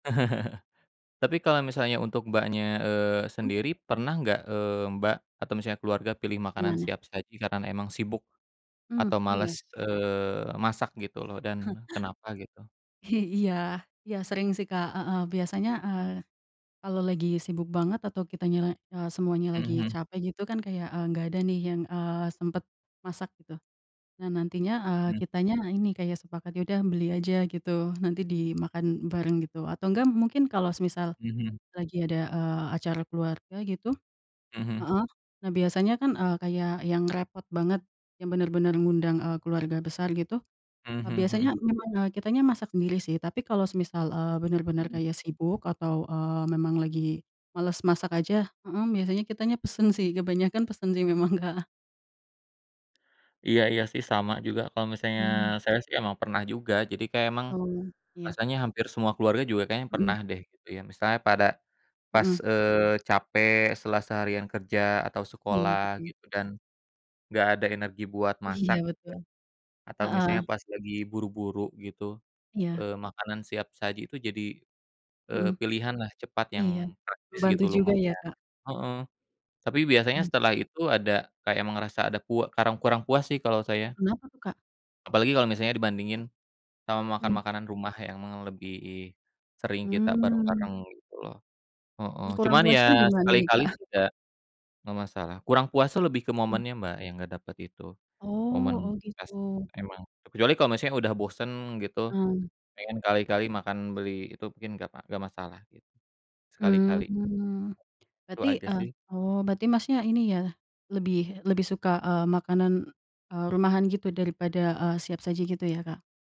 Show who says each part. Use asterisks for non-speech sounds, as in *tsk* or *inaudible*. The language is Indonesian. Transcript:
Speaker 1: *chuckles* Tapi kalo misalnya untuk Mbaknya, eee,
Speaker 2: Mhm.
Speaker 1: sendiri, pernah nggak, eee, Mbak atau misalnya keluarga pilih makanan
Speaker 2: Gimana?
Speaker 1: siap saji karena emang sibuk,
Speaker 2: Mmm,
Speaker 1: atau
Speaker 2: oh,
Speaker 1: males,
Speaker 2: iya.
Speaker 1: eee, masak gitu loh dan kenapa gitu?
Speaker 2: *chuckles* I iya, iya sering, sih, Kak, heeh, biasanya eee, kalau lagi sibuk banget atau kitanya eee, semuanya
Speaker 1: Mhm
Speaker 2: lagi
Speaker 1: mhm.
Speaker 2: capek gitu, kan, kayak nggak ada, nih, yang, eee, sempet masak gitu. Nah, nantinya
Speaker 1: Mhm.
Speaker 2: kitanya ini kayak sepakat ya udah beli aja gitu, nanti dimakan bareng gitu atau enggak mungkin kalau semisal
Speaker 1: Mhm.
Speaker 2: lagi ada, eee, acara keluarga gitu,
Speaker 1: Mhm.
Speaker 2: heeh, nah biasanya, kan, eee, kayak yang repot banget, yang bener-bener ngundang eee keluarga besar gitu,
Speaker 1: Mmm,
Speaker 2: eee,
Speaker 1: mhm
Speaker 2: biasanya
Speaker 1: mhm.
Speaker 2: memang, eee, kitanya masak sendiri, sih, tapi kalau, eee, semisal eee, bener-bener kayak sibuk atau, eee, memang lagi males masak aja, hmm, biasanya kitanya pesen, sih, kebanyakan pesen, sih, memang Kak.
Speaker 1: Iya iya, sih, sama juga kalau misalnya
Speaker 2: Mmm.
Speaker 1: saya, sih, emang pernah juga, jadi kayak emang
Speaker 2: Betul, iya.
Speaker 1: rasanya hampir semua keluarga juga kayaknya
Speaker 2: Mhm.
Speaker 1: pernah, deh, gitu, ya, misalnya pada pas,
Speaker 2: Mhm.
Speaker 1: eee, capek setelah seharian kerja atau
Speaker 2: Iya
Speaker 1: sekolah
Speaker 2: betul.
Speaker 1: gitu dan enggak ada energi buat
Speaker 2: Iya
Speaker 1: masak,
Speaker 2: betul.
Speaker 1: ya, atau
Speaker 2: Heeh.
Speaker 1: misalnya pas lagi buru-buru gitu,
Speaker 2: Iya.
Speaker 1: eee, makanan siap saji itu jadi, eee,
Speaker 2: Mhm.
Speaker 1: pilihanlah cepat yang
Speaker 2: Iya,
Speaker 1: praktis
Speaker 2: membantu
Speaker 1: gitu
Speaker 2: juga, ya,
Speaker 1: lumayan.
Speaker 2: Kak?
Speaker 1: Heeh. Tapi biasanya setelah itu ada kayak emang rasa ada kue karang kurang puas, sih, kalau
Speaker 2: Oh,
Speaker 1: saya.
Speaker 2: kenapa, tuh, Kak?
Speaker 1: Apalagi kalau misalnya dibandingin sama makan
Speaker 2: Mhm.
Speaker 1: makanan rumah yang emang lebih sering kita
Speaker 2: Mmm.
Speaker 1: bareng-bareng gitu loh, heeh,
Speaker 2: *tsk* Kurang
Speaker 1: cuman,
Speaker 2: puasnya di
Speaker 1: ya,
Speaker 2: mana, nih,
Speaker 1: sekali-kali,
Speaker 2: Kak?
Speaker 1: sih, nggak nggak masalah, kurang puas, tuh, lebih ke
Speaker 2: Mhm.
Speaker 1: momennya Mbak, yang nggak dapet itu. Momen
Speaker 2: Oh oh,
Speaker 1: pas
Speaker 2: gitu.
Speaker 1: emang kecuali kalau misalnya udah bosen gitu,
Speaker 2: Mmm.
Speaker 1: pengen kali-kali makan beli itu mungkin nggak pa nggak masalah gitu. Sekali-kali.
Speaker 2: Mmm,
Speaker 1: Itu
Speaker 2: berarti,
Speaker 1: aja,
Speaker 2: eee,
Speaker 1: sih.
Speaker 2: oh, berarti Masnya ini, ya, lebih lebih suka, eee, makanan, eee, rumahan gitu daripada, eee, siap saji gitu ya, Kak?